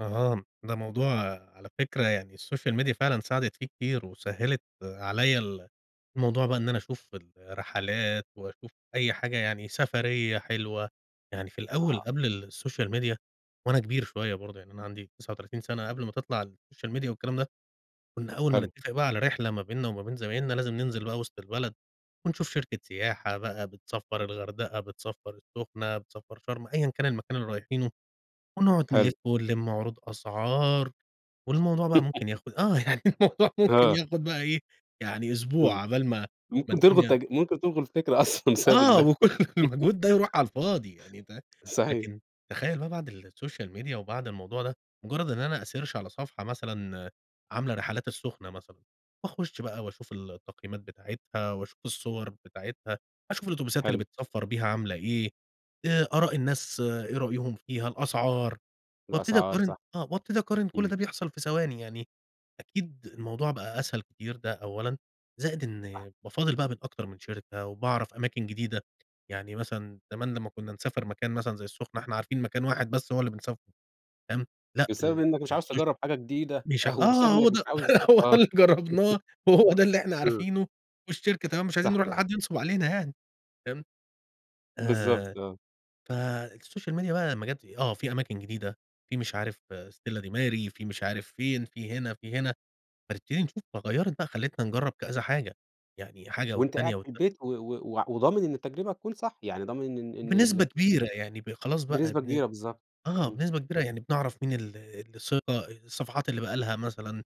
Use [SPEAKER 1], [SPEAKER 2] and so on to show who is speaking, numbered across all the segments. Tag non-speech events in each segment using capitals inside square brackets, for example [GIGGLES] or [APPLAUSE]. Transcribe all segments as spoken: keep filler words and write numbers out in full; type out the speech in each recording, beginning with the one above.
[SPEAKER 1] اهم، ده موضوع على فكرة يعني الSocial Media فعلًا ساعدِت فيه كتير وسهّلِت، عليَّ ال الموضوع بقى إن أنا أشوف الرحلات وأشوف أي حاجة يعني، سفرية حلوة. يعني في الأول
[SPEAKER 2] آه.
[SPEAKER 1] قبْل الSocial Media وأنا كبير شوية برضه، يعني أنا عندي تسعة وتلاتين سَنة، قبْل ما تطلَع الSocial Media والكلام ده، كنّا أول ما
[SPEAKER 2] حلو.
[SPEAKER 1] نتّفق بقى على رحلة ما بيننا وما بين زمايلنا لازم ننزِل بقى وِسط البلد، ونشوف شركة سياحة بقى بتسفّر الغردقة، بتسفّر السُّخنة، بتسفّر شرْم، أيًا كان المكان اللي رايحينه، ونقعُد نلِف
[SPEAKER 2] حلو.
[SPEAKER 1] ونلِم عروض أسعار، والموضوع بقى ممكن
[SPEAKER 2] [GIGGLES]
[SPEAKER 1] ياخد آه، يعني الموضوع ممكن
[SPEAKER 2] آه.
[SPEAKER 1] ياخد بقى إيه، يعني أسبوع
[SPEAKER 2] امم،
[SPEAKER 1] على بال ما ما
[SPEAKER 2] ممكن تلغوا
[SPEAKER 1] الدنيا
[SPEAKER 2] التج ممكن تلغوا الفكرة أصلًا بسبب
[SPEAKER 1] آه،
[SPEAKER 2] ال
[SPEAKER 1] وكل
[SPEAKER 2] [LAUGHS]
[SPEAKER 1] المجهود ده يرُوح على الفاضي يعني ده
[SPEAKER 2] صحيح.
[SPEAKER 1] لكن تخيّل بقى بعد الSocial Media وبعد الموضوع ده، مجرّد إن أنا أsearch على صفحة مثلًا، عاملة رحلات السخنة مثلًا، وأخُش بقى وأشوف ال التقييمات بتاعتها وأشوف الصُّوَر بتاعتها، أشوف الأوتوبيسات اللي
[SPEAKER 2] حلو.
[SPEAKER 1] بتسفّر بيها عاملة إيه، آآ أراء الناس إيه رأيهم فيها، الأسعار، وأبتدي
[SPEAKER 2] الأسعار
[SPEAKER 1] أقارِن
[SPEAKER 2] صح،
[SPEAKER 1] آه وأبتدي أقارِن، كلّ
[SPEAKER 2] امم.
[SPEAKER 1] ده بيحصَل في ثواني يعني، أكيد الموضوع بقى أسهل كتير ده أولًا، زائد
[SPEAKER 2] آه.
[SPEAKER 1] إن بافاضّل بقى من أكتر من شركة وبأعرف أماكن جديدة يعني مثلًا زمان لمّا كنّا نسافر مكان مثلًا زي السُّخنة، إحنا عارفين مكان واحد بس هو اللي بنسافره، فاهم، لأ
[SPEAKER 2] بسبب إنك مش عاوز
[SPEAKER 1] الSocial
[SPEAKER 2] تجرّب حاجة جديدة،
[SPEAKER 1] مش
[SPEAKER 2] أو
[SPEAKER 1] آه،
[SPEAKER 2] بسبب
[SPEAKER 1] هو
[SPEAKER 2] إنك مش
[SPEAKER 1] ده،
[SPEAKER 2] عاوز
[SPEAKER 1] هو ده
[SPEAKER 2] آه
[SPEAKER 1] اللي
[SPEAKER 2] [LAUGHS]
[SPEAKER 1] جرّبناه، وهو ده اللي إحنا
[SPEAKER 2] امم.
[SPEAKER 1] عارفينه والشركة تمام، مش عايزين
[SPEAKER 2] صح.
[SPEAKER 1] نرُوح لحد ينصُب علينا يعني، فاهم، آآ،
[SPEAKER 2] بالضبط، آه.
[SPEAKER 1] ف الSocial Media لمّا جات آآ، آه، في أماكن جديدة، في مش عارف Stella Di Mare في مش عارف فين، في هنا، في هنا، فنبتدي نشوف، فغيّرت بقى، خلّتنا نجرّب كذا حاجة، يعني حاجة
[SPEAKER 2] وأنت قاعد
[SPEAKER 1] والتانية
[SPEAKER 2] في
[SPEAKER 1] والتالتة.
[SPEAKER 2] البيت و و وع وضامن إن التجربة هتكون صح، يعني ضامن إن إن إن ال أ
[SPEAKER 1] بنسبة كبيرة يعني ب خلاص بقى
[SPEAKER 2] بنسبة
[SPEAKER 1] بن
[SPEAKER 2] كبيرة، بالضبط،
[SPEAKER 1] آه،
[SPEAKER 2] امم.
[SPEAKER 1] بنسبة كبيرة يعني بنعرَف مين ال اللي ثقة، الصفحات اللي بقى لها مثلًا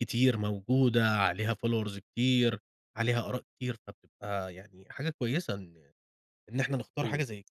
[SPEAKER 1] كتير موجودة، عليها followers كتير، عليها آراء كتير فبتبقى يعني حاجة كويسة إن إن إحنا نختار حاجة
[SPEAKER 2] امم.
[SPEAKER 1] زي كده.